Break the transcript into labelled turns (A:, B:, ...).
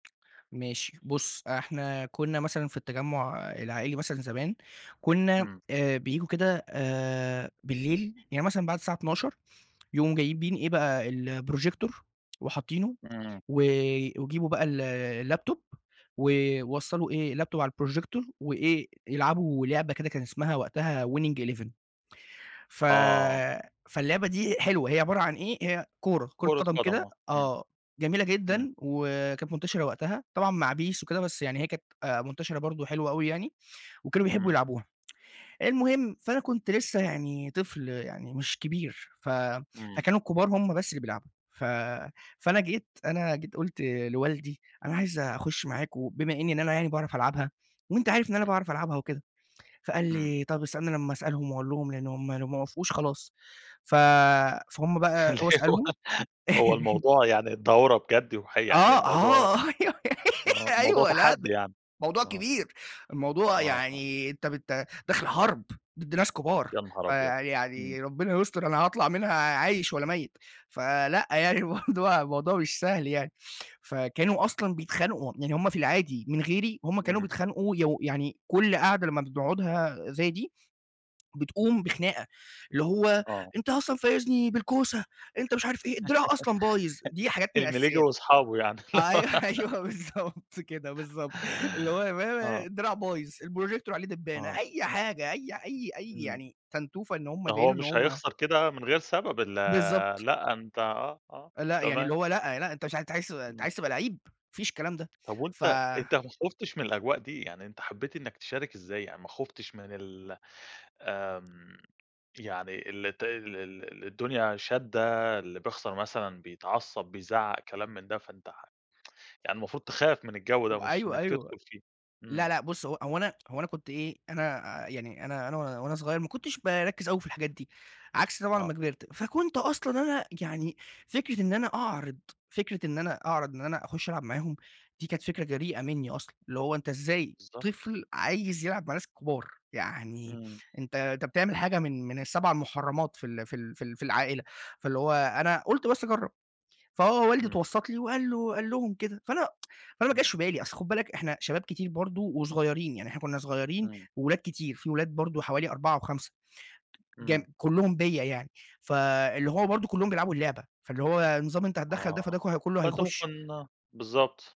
A: ماشي بُص، إحنا كنا مثلًا في التجمع العائلي مثلًا زمان، كنا
B: امم.
A: آآ بييجوا كده آآ بالليل يعني مثلًا بعد الساعة 00:00 يقوموا جايبين إيه بقى الprojector وحاطينه،
B: امم.
A: و ويجيبوا بقى ال الlaptop ويوصلوا إيه الlaptop على الprojecor، وإيه يلعبوا لعبة كده كان اسمها وقتها Winning 11 ف
B: آه.
A: فاللعبة دي حلوة هي عبارة عن إيه؟ هي كورة، كورة
B: كرة
A: قدم
B: قدم
A: كده
B: آه امم،
A: آه جميلة
B: امم.
A: جدًا، وكانت منتشرة وقتها، طبعًا مع PES وكده بس يعني هي كانت آآ منتشرة برضه حلوة أوي يعني، وكانوا بيحبوا
B: امم.
A: يلعبوها. المهم فأنا كنت لسه يعني طفل يعني مش كبير، ف
B: امم.
A: فكانوا الكبار هم بس اللي بيلعبوا، ف فأنا جيت أنا جيت قُلْت لوالدي: "أنا عايز أخش معاك وبما إني إن أنا يعني باعرف ألعبها، وأنتَ عارف إن أنا
B: امم.
A: باعرف ألعبها وكده." فقال
B: امم.
A: لي: "طيب استنn لما أسألهم وأقول لهم لأنهم لو ما وافقوش خلاص". ف فهُم بقى
B: اللي
A: هو
B: هو
A: سألهم
B: هو الموضوع يعني دورة بجد وحي يعني
A: آه،
B: الموضوع
A: آه أيوه،
B: آه موضوع
A: أيوه لأ، ده
B: تحدي يعني؟
A: موضوع
B: آه.
A: كبير، الموضوع
B: آه.
A: يعني أنتَ بت داخل حرب ضد ناس كبار،
B: يانهار أبيض! امم.
A: فيعني ربنا يستر أنا هاطلع منها عايش والّا ميّت؟ فلأ يعني برضه الموضوع مش سهل يعني، فكانوا أصلًا بيتخانقوا، يعني هم في العادي من غيري هم كانوا
B: امم.
A: بيتخانقوا يو يعني كل قاعدة لما بنقعدها زي دي بتقوم بخناقة، اللي هو
B: آه.
A: أنتَ أصلًا فايزني بالكوسة، أنتَ مش عارف إيه، الدراع أصلًا بايظ، دي حاجات من
B: المليجي
A: الأساسيات.
B: وأصحابه يعني.
A: أيوه، أيوه بالضبط كده، بالضبط اللي هو [unintelligible]
B: آه.
A: الدراع بايظ، الprojector عليه دبانة،
B: آه.
A: أي حاجة أي ح أي أي
B: إمم.
A: يعني تنتوفة إن هم
B: ما هو
A: يبينوا إن
B: مش
A: هم
B: هيخسر كده من غير سبب ال
A: بالضبط.
B: لأ، أنتَ آه، آه
A: لأ، يعني اللي
B: تمام.
A: هو لأ، لأ أنتَ مش ع أنتَ عايز ت أنتَ
B: امم.
A: عايز تبقى لعِّيب، ما فيش الكلام ده.
B: طب
A: فَ
B: وأنتَ أنتَ ما خُفْتش من الأجواء دي؟ يعني أنتَ حبيت إنك تشارك إزاي يعني ما خُفْتش من ال آمم يعني الت ال ال الدنيا شادّة اللي بيخسر مثلًا بيتعصب، بيزعق، كلام من ده. فأنتَ ح يعني المفروض تخاف من الجو ده مش
A: أيوه،
B: إنك
A: أيوه.
B: تدخل فيه.
A: لأ،
B: امم.
A: لأ بُص هو أنا هو أنا كنت إيه، أنا يعني أنا أنا وأنا صغير ما كنتش باركز أوي في الحاجات دي، عكس طبعًا أمّا
B: آه.
A: كبرت. فكنت أصلًا أنا يعني فكرة إن أنا أعرض فكرة إن أنا أعرض إن أنا أخش ألعب معاهم دي كانت فكرة جريئة منّي أصلًا، اللي هو أنتَ إزاي
B: بالضبط.
A: طفل عايز يلعب مع الناس الكبار؟ يعني
B: امم.
A: أنتَ أنتَ بتعمل حاجة من من ال7 مُحرمات في ال في ال في ال في العائلة، فاللي هو أنا قلت بس أجرب. فهو والدي
B: امم.
A: اتوسط لي وقال له قال لهم كده، فأنا فأنا ما
B: امم.
A: جاش بالي، أصل خُد بالك، إحنا شباب كتير برضه وصغيرين، يعني إحنا كنا صغيرين
B: امم.
A: وولاد كتير في ولاد برضه حوالي 4 أو 5 جم
B: امم.
A: كلهم بيّا يعني. فاللي هو برضه كلهم بيلعبوا اللعبة، فاللي هو النظام أنتَ هتتدخل ده، فده
B: آه،
A: ك كله
B: فأنتَ ممكن
A: هيخش.
B: بالضبط.